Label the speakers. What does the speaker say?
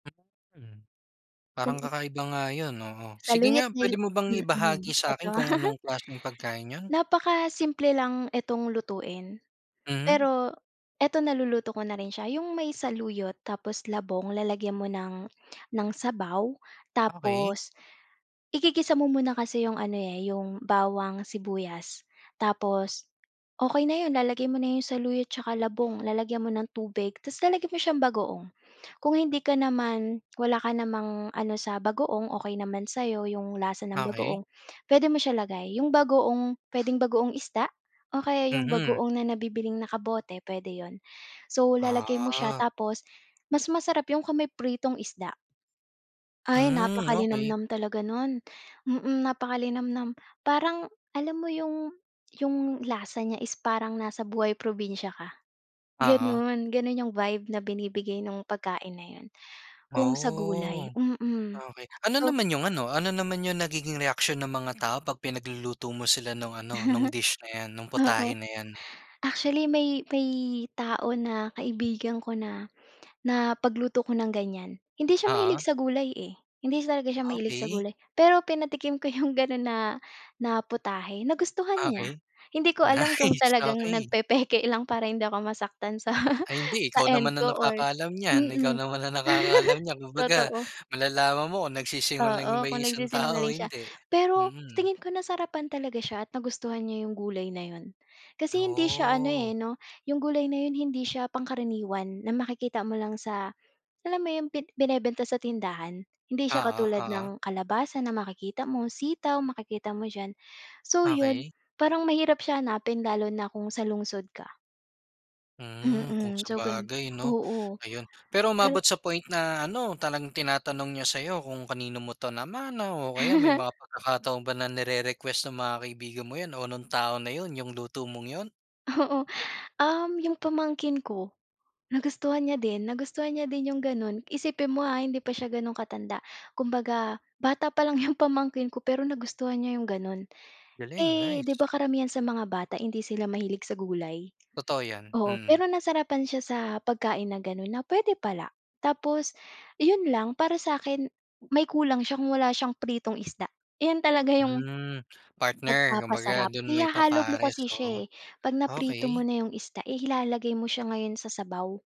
Speaker 1: Mm. Parang
Speaker 2: Kung.
Speaker 1: kakaiba nga yun, oo. Sige
Speaker 2: Saluyot
Speaker 1: nga
Speaker 2: nil
Speaker 1: pwede mo bang
Speaker 2: mm.
Speaker 1: ibahagi sa'kin
Speaker 2: Eto.
Speaker 1: kung anong klaseng pagkain yun?
Speaker 2: Napakasimple lang itong lutuin.
Speaker 1: Mhm.
Speaker 2: Pero eto naluluto ko na rin siya, yung may saluyot, tapos labong, lalagyan mo ng, ng sabaw,
Speaker 1: Okey.
Speaker 2: tapos, igigisa mo muna kasi yung ano, eh, yung bawang, sibuyas, tapos okey na 'yon lalagay mo na 'yong saluyot, 'tsaka labong, lalagyan mo ng tubig, tas lalagyan mo siyang bagoong. Kung hindi ka naman wala ka namang ano sa bagoong okey naman sayo yung lasa ng
Speaker 1: Okey.
Speaker 2: bagoong, pwede mo siya lagay, yung bagoong. Pwedeng bagoong isda, o kaya yung
Speaker 1: Mhm.
Speaker 2: bagoong na nabibiling naka bote pwede yun. So lalagay mo siya
Speaker 1: Ah.
Speaker 2: tapos, mas masarap yun kung may pritong isda. Ay
Speaker 1: Mm.
Speaker 2: napaka
Speaker 1: Okey.
Speaker 2: linamnam talaga nun. Mm. Napaka linamnam. Parang alam mo yung yung lasa niya is parang nasa buhay probinsya ka,
Speaker 1: Oo.
Speaker 2: ganun, ganun yung vibe na binibigay nung pagkain na yun, kung sa
Speaker 1: Oh.
Speaker 2: gulay, mm
Speaker 1: Okey. Ano
Speaker 2: to
Speaker 1: naman yung ano, ano naman yung nagiging reaksyon ng mga tao 'pag pinagluluto mo sila nung ano, nung dish na yan, nung
Speaker 2: Oo.
Speaker 1: putahe na yan?
Speaker 2: Actually may may tao na kaibigan ko na na pagluto ko ng ganyan. Hindi siya mahilig
Speaker 1: Oo.
Speaker 2: sa gulay, eh, hindi talaga siya mahilig sa
Speaker 1: Okey.
Speaker 2: gulay. Pero pinatikim ko yung ganun na na putahe, nagustuhan niya.
Speaker 1: Okey,
Speaker 2: Hindi ko alam kung
Speaker 1: nice,
Speaker 2: talagang
Speaker 1: okey.
Speaker 2: nagpepeke lang para hindi ako masaktan sa
Speaker 1: Ay hindi,
Speaker 2: sa
Speaker 1: ikaw
Speaker 2: end
Speaker 1: naman
Speaker 2: ko
Speaker 1: ang
Speaker 2: or,
Speaker 1: nakakaalam nyan, ikaw
Speaker 2: mm.
Speaker 1: naman ang nakakaalam niyan. 'Kumbaga
Speaker 2: Totoo.
Speaker 1: malalaman mo kung nagsisinungaling ba
Speaker 2: Oo.
Speaker 1: yung
Speaker 2: Kung
Speaker 1: isang tao o
Speaker 2: nagsisinungaling siya.
Speaker 1: hindi,
Speaker 2: Pero sa
Speaker 1: mm.
Speaker 2: tingin ko na sarapan talaga siya at nagustuhan niya yung gulay na yun. Kasi hindi siya ano, eh,
Speaker 1: Oh.
Speaker 2: 'no? Yung gulay na yun hindi siya pangkaraniwan na makikita mo lang sa, alam mo 'yun, pi binebenta sa tindahan, hindi siya
Speaker 1: Oo.
Speaker 2: katulad
Speaker 1: Oo.
Speaker 2: ng kalabasa na makikita mo, sitaw makikita mo diyan. So yun,
Speaker 1: Okey.
Speaker 2: parang mahirap siya hanapin lalo na kung sa lungsod ka.
Speaker 1: Mm, kung
Speaker 2: Mm. So ganon,
Speaker 1: sabagay 'no.
Speaker 2: oo.
Speaker 1: Ayun. Pero
Speaker 2: Pero.
Speaker 1: umabot sa point na ano, talagang tinatanong niya sayo kung kanino mo 'to namana, o kaya may mga pagkakataon ba na nirerequest ng mga kaibigan mo yan o nung tao na yun, yung luto mong yun?
Speaker 2: Oo. Um, yung pamangkin ko nagustuhan niya din, nagustuhan niya din yung gano'n, isipin mo, ha, hindi pa siya gano'n katanda, 'kumbaga bata pa lang 'yong pamangkin ko, pero nagustuhan niya 'yong gano'n.
Speaker 1: Galing,
Speaker 2: Eh, 'di
Speaker 1: nice.
Speaker 2: ba karamihan sa mga bata hindi sila mahilig sa gulay?
Speaker 1: Totoo yan,
Speaker 2: Oo.
Speaker 1: mm.
Speaker 2: Pero nasarapan siya sa pagkain na ganon, na pwede pala. Tapos yun lang, para sa akin may kulang siya kung wala siyang pritong isda. Ayan talaga yung,
Speaker 1: Mm. Partner, 'kumbaga
Speaker 2: nagpapasarap.
Speaker 1: dun mo
Speaker 2: Ihahalo mo
Speaker 1: ipapares,
Speaker 2: kasi
Speaker 1: oo,
Speaker 2: siya, eh, 'pag naprito mo
Speaker 1: okey.
Speaker 2: na yung isda, eh, ilalagay mo siya ngayon sa sabaw.